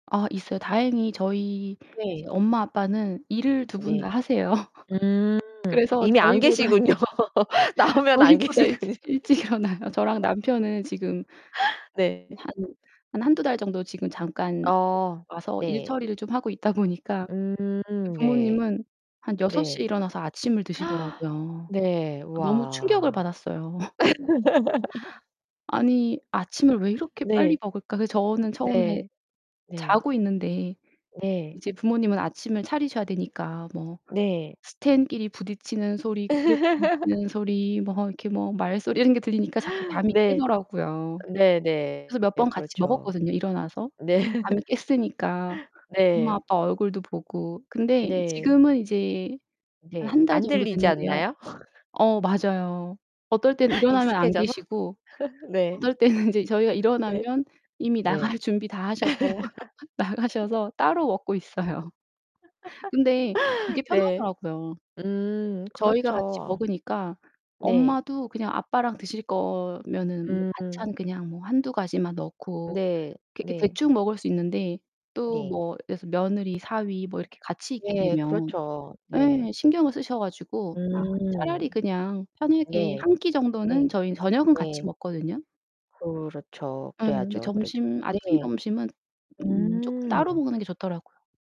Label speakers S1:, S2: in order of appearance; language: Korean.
S1: 아 있어요. 다행히 저희
S2: 네.
S1: 이제 엄마 아빠는 일을 두 분 다
S2: 네.
S1: 하세요.
S2: 음
S1: 그래서
S2: 이미 안
S1: 저희보다
S2: 계시군요. 나오면 안
S1: 저희보다 일찍
S2: 계시군요.
S1: 일찍 일어나요. 저랑 남편은 지금
S2: 네.
S1: 한, 한 1-2 달 정도 지금 잠깐 [unintelligible]
S2: 어
S1: 와서 일
S2: 네.
S1: 처리를 좀 하고 있다 보니까 그
S2: 음 네.
S1: 부모님은 한 6:00
S2: 네.
S1: 에 일어나서 아침을 드시더라고요.
S2: 네.
S1: 너무 충격을
S2: 와.
S1: 받았어요. '아니 아침을 왜 이렇게
S2: 네.
S1: 빨리 먹을까?' 그래서 저는 처음에
S2: 네. 네.
S1: 자고 있는데
S2: 네.
S1: 이제 부모님은 아침을 차리셔야 되니까 뭐
S2: 네.
S1: 스탠끼리 부딪히는 소리 그릇 부딪치는 소리 뭐 이렇게 뭐 말소리 이런 게 들리니까 자꾸 잠이
S2: 네.
S1: 깨더라고요. 그래서
S2: 네네.
S1: 몇 번 같이
S2: 그렇죠.
S1: 먹었거든요 일어나서.
S2: 네.
S1: 잠이 깼으니까 엄마
S2: 네.
S1: 아빠 얼굴도 보고. 근데
S2: 네.
S1: 지금은 이제 한
S2: 네
S1: 1 달
S2: 안
S1: 정도
S2: 들리지
S1: 됐는데요.
S2: 않나요?
S1: 어 맞아요. 어떨 때는 일어나면 안
S2: 익숙해져서?
S1: 계시고
S2: 네.
S1: 어떨 때는 이제 저희가
S2: 네.
S1: 일어나면 이미
S2: 네.
S1: 나갈 준비 다 하셔서 나가셔서 따로 먹고 있어요. 근데 그게
S2: 네.
S1: 편하더라고요.
S2: 음
S1: 저희가 같이
S2: 그렇죠.
S1: 먹으니까
S2: 네.
S1: 엄마도 그냥 아빠랑 드실거면은 뭐
S2: 음.
S1: 반찬 그냥 뭐 1-2 가지만 넣고
S2: 네.
S1: 이렇게
S2: 네.
S1: 대충 먹을 수 있는데 또
S2: 네.
S1: 뭐 이래서 며느리, 사위 뭐 이렇게 같이 있게
S2: 예.
S1: 되면
S2: 그렇죠. 네.
S1: 예 신경을 쓰셔 가지고 '아
S2: 음
S1: 차라리 그냥 편하게
S2: 네.
S1: 1 끼
S2: 네.
S1: 정도는' 저희 저녁은 같이
S2: 네.
S1: 먹거든요.
S2: 그렇죠.
S1: 음 근데
S2: 그래야죠 그래도.
S1: 점심 아침
S2: 네.
S1: 점심은 음 쪼끔 따로
S2: 음.
S1: 먹는 게 좋더라고요.